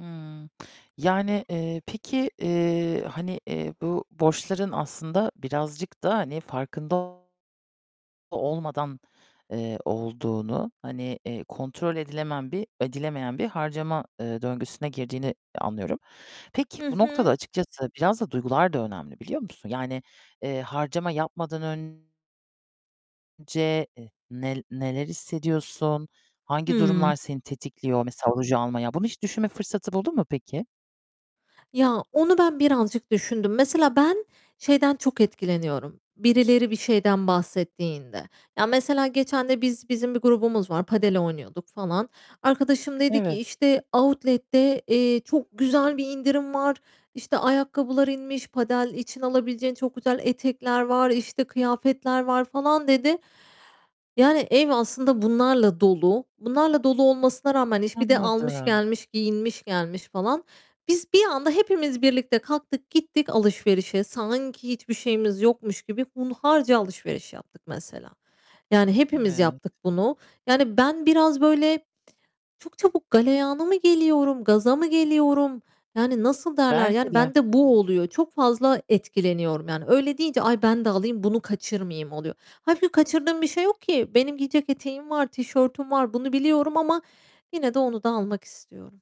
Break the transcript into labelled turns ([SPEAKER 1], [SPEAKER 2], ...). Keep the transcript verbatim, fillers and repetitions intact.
[SPEAKER 1] Hıı. Yani, eee, peki, eee, hani, eee, bu borçların aslında birazcık da, hani, farkında olmadan, eee, olduğunu, hani, eee, kontrol edilemen bir edilemeyen bir harcama, eee, döngüsüne girdiğini anlıyorum. Peki,
[SPEAKER 2] Hı
[SPEAKER 1] bu noktada
[SPEAKER 2] hı.
[SPEAKER 1] açıkçası biraz da duygular da önemli biliyor musun? Yani, eee, harcama yapmadan ön ce, e nel neler hissediyorsun? Hangi
[SPEAKER 2] Hıı.
[SPEAKER 1] durumlar seni tetikliyor? Mesela ruj almaya. Bunu hiç düşünme fırsatı buldun mu peki?
[SPEAKER 2] Ya, onu ben birazcık düşündüm. Mesela ben şeyden çok etkileniyorum. Birileri bir şeyden bahsettiğinde. Ya mesela geçende biz bizim bir grubumuz var, Padel oynuyorduk falan. Arkadaşım dedi ki,
[SPEAKER 1] Evet.
[SPEAKER 2] işte, outlet'te eee, çok güzel bir indirim var, işte, ayakkabılar inmiş. Padel için alabileceğin çok güzel etekler var, işte, kıyafetler var falan dedi. Yani ev aslında bunlarla dolu. Bunlarla dolu olmasına rağmen iş bir de almış
[SPEAKER 1] Anladım.
[SPEAKER 2] gelmiş, giyinmiş gelmiş falan. Biz bir anda hepimiz birlikte kalktık gittik alışverişe. Sanki hiçbir şeyimiz yokmuş gibi hunharca alışveriş yaptık mesela. Yani hepimiz
[SPEAKER 1] Evet.
[SPEAKER 2] yaptık bunu. Yani ben biraz, böyle, çok çabuk galeyana mı geliyorum, gaza mı geliyorum? Yani nasıl derler,
[SPEAKER 1] Belki
[SPEAKER 2] yani
[SPEAKER 1] de.
[SPEAKER 2] ben de bu oluyor, çok fazla etkileniyorum yani. Öyle deyince "Ay ben de alayım bunu kaçırmayayım." oluyor. Hâlbuki kaçırdığım bir şey yok ki. Benim giyecek eteğim var, tişörtüm var bunu biliyorum ama yine de onu da almak istiyorum.